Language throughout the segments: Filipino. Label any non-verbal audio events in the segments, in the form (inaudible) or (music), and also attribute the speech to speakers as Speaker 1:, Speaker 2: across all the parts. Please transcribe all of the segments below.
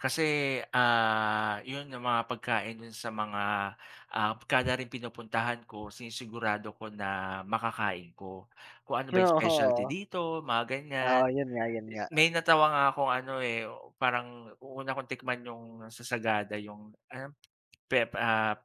Speaker 1: Kase, ah, 'yon 'yung mga pagkain do'n sa mga, ah, kada ring pinupuntahan ko, sinisigurado ko na makakain ko. Kung ano ba 'yung specialty
Speaker 2: Oo.
Speaker 1: dito, mga ganiyan.
Speaker 2: Ah, 'yon nga, 'yon nga.
Speaker 1: May natawa nga akong ano, eh, u parang u una kong tikman 'yung sa Sagada 'yung ano, pep ah,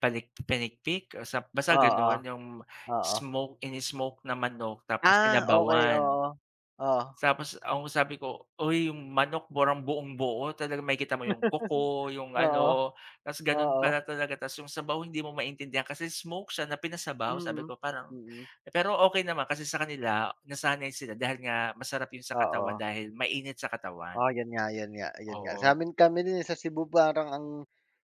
Speaker 1: panik pinikpik o sa basta
Speaker 2: Oo.
Speaker 1: gano'n. 'Yung
Speaker 2: oo.
Speaker 1: smoke, in-smoke na manok tapos
Speaker 2: Ah, okey,
Speaker 1: sinabawan.
Speaker 2: oo. Oh.
Speaker 1: Tapos ang sabi ko, "Uy, 'yung manok parang buong-buo." Talagang makikita mo 'yung kuko,
Speaker 2: (laughs)
Speaker 1: 'yung
Speaker 2: Oo.
Speaker 1: ano, tapos gano'n
Speaker 2: Oo.
Speaker 1: pala talaga. Tas 'yung sabaw, hindi mo maintindihan kasi smoke siya na pinasabaw. Sabi
Speaker 2: Mm,
Speaker 1: ko, parang
Speaker 2: mm.
Speaker 1: pero okey naman, kasi sa kanila nasanay sila dahil nga masarap 'yun sa katawan,
Speaker 2: Oo.
Speaker 1: dahil mainit sa katawan.
Speaker 2: Ah, 'yon nga, 'yon nga, 'yon nga.
Speaker 1: Oo.
Speaker 2: Sa'min kami din, eh, sa Cebu, parang ang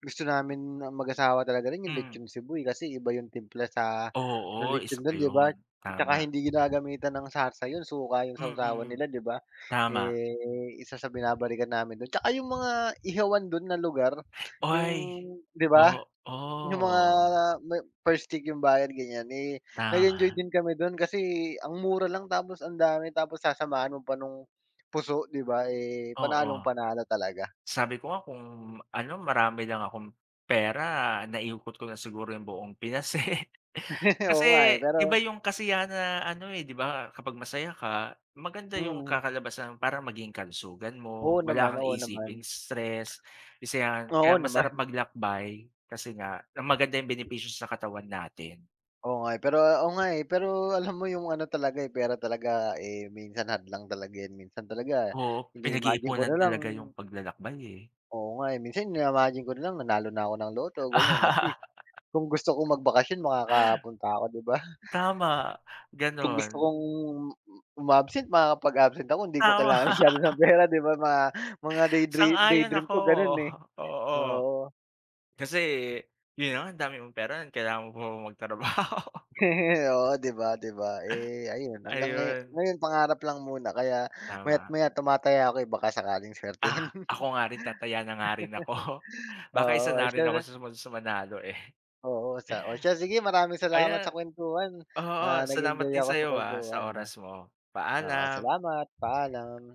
Speaker 2: gusto namin na mag-asawa talaga rin 'yung
Speaker 1: Mm.
Speaker 2: lechon Cebu, eh. Kasi iba yung timpla sa ng
Speaker 1: Oo.
Speaker 2: lechon,
Speaker 1: Isa pa
Speaker 2: do'n, 'di ba?
Speaker 1: 'yon.
Speaker 2: Tsaka
Speaker 1: Tama.
Speaker 2: hindi ginagamitan ng sarsa 'yon, suka 'yung sawsawan
Speaker 1: Mm,
Speaker 2: nila, 'di ba?
Speaker 1: tama.
Speaker 2: Eh, isa sa binabalikan namin do'n tsaka 'yung mga ihawan do'n na lugar, 'yung
Speaker 1: Ay,
Speaker 2: 'di ba? Yung mga
Speaker 1: oo.
Speaker 2: may per stick 'yung bayad, ganiyan. Eh, nag-enjoy
Speaker 1: Tama.
Speaker 2: din kami do'n kasi ang mura lang, tapos ang dami. Tapos sasamahan mo pa no'ng puso, 'di ba? Eh,
Speaker 1: Oo.
Speaker 2: panalong-panalo talaga.
Speaker 1: Sabi ko nga kung ano, marami lang akong pera, naikot ko na siguro 'yung buong Pinas, eh. (laughs)
Speaker 2: (laughs) Oo nga, eh.
Speaker 1: Kasi iba
Speaker 2: Pero
Speaker 1: 'yung kasiyahan na ano, eh, 'di ba, kapag masaya ka, maganda 'yung
Speaker 2: Mm.
Speaker 1: kakalabasan, parang maging kalusugan mo,
Speaker 2: Oo naman.
Speaker 1: wala kang
Speaker 2: Oo
Speaker 1: iisiping
Speaker 2: naman.
Speaker 1: stress, isa 'yan. Kaya
Speaker 2: Oo
Speaker 1: masarap
Speaker 2: naman.
Speaker 1: maglakbay kasi nga, na maganda 'yung benepisyo sa katawan natin.
Speaker 2: Oo nga, eh. Pero oo nga, eh. Pero alam mo 'yung ano talaga, eh, pera talaga, eh, minsan hadlang talaga 'yan. Minsan talaga
Speaker 1: Oo,
Speaker 2: ini-imagine ko
Speaker 1: pinag-iipunan
Speaker 2: na lang
Speaker 1: talaga 'yung paglalakbay, eh.
Speaker 2: Oo nga, eh. Minsan, ini-imagine ko na lang, nanalo na ako ng Lotto, ganiyan. At least,
Speaker 1: (laughs)
Speaker 2: kung gusto kong magbakasyon, makakapunta ako, 'di ba?
Speaker 1: Tama,
Speaker 2: Kung gusto
Speaker 1: gano'n.
Speaker 2: kong umabsent, makakapag-absent ako. Hindi ko
Speaker 1: Tama.
Speaker 2: kailangan masyado ng
Speaker 1: (laughs)
Speaker 2: pera, 'di ba? Mga mga day dream day
Speaker 1: Sang-ayon
Speaker 2: dream
Speaker 1: ako.
Speaker 2: ko gano'n, eh,
Speaker 1: Oo.
Speaker 2: oo.
Speaker 1: Kasi 'yon na nga, ang dami mong pera, kailangan mo pa bang magtrabaho?
Speaker 2: (laughs) Oo, 'di ba 'di ba? Eh, ayun, hanggang ngayo
Speaker 1: Ayun.
Speaker 2: ngayon pangarap lang muna. Kaya maya't
Speaker 1: Tama.
Speaker 2: maya, tumataya ako, eh, baka sakaling suwertehin.
Speaker 1: Ah,
Speaker 2: (laughs)
Speaker 1: ako nga rin, tataya na nga rin ako. Baka isa
Speaker 2: Oo,
Speaker 1: na
Speaker 2: siya
Speaker 1: rin ako
Speaker 2: rin.
Speaker 1: sa sumunod sa manalo, eh.
Speaker 2: Oo, sa o siya, sige. Maraming salamat sa
Speaker 1: Ayan
Speaker 2: kuwentuhan.
Speaker 1: oo,
Speaker 2: Ah,
Speaker 1: salamat
Speaker 2: nag-enjoy
Speaker 1: din
Speaker 2: ako sa
Speaker 1: sa'yo, ah, sa
Speaker 2: kuwentuhan, ah.
Speaker 1: oras mo.
Speaker 2: Oo,
Speaker 1: Paalam.
Speaker 2: salamat. Paalam.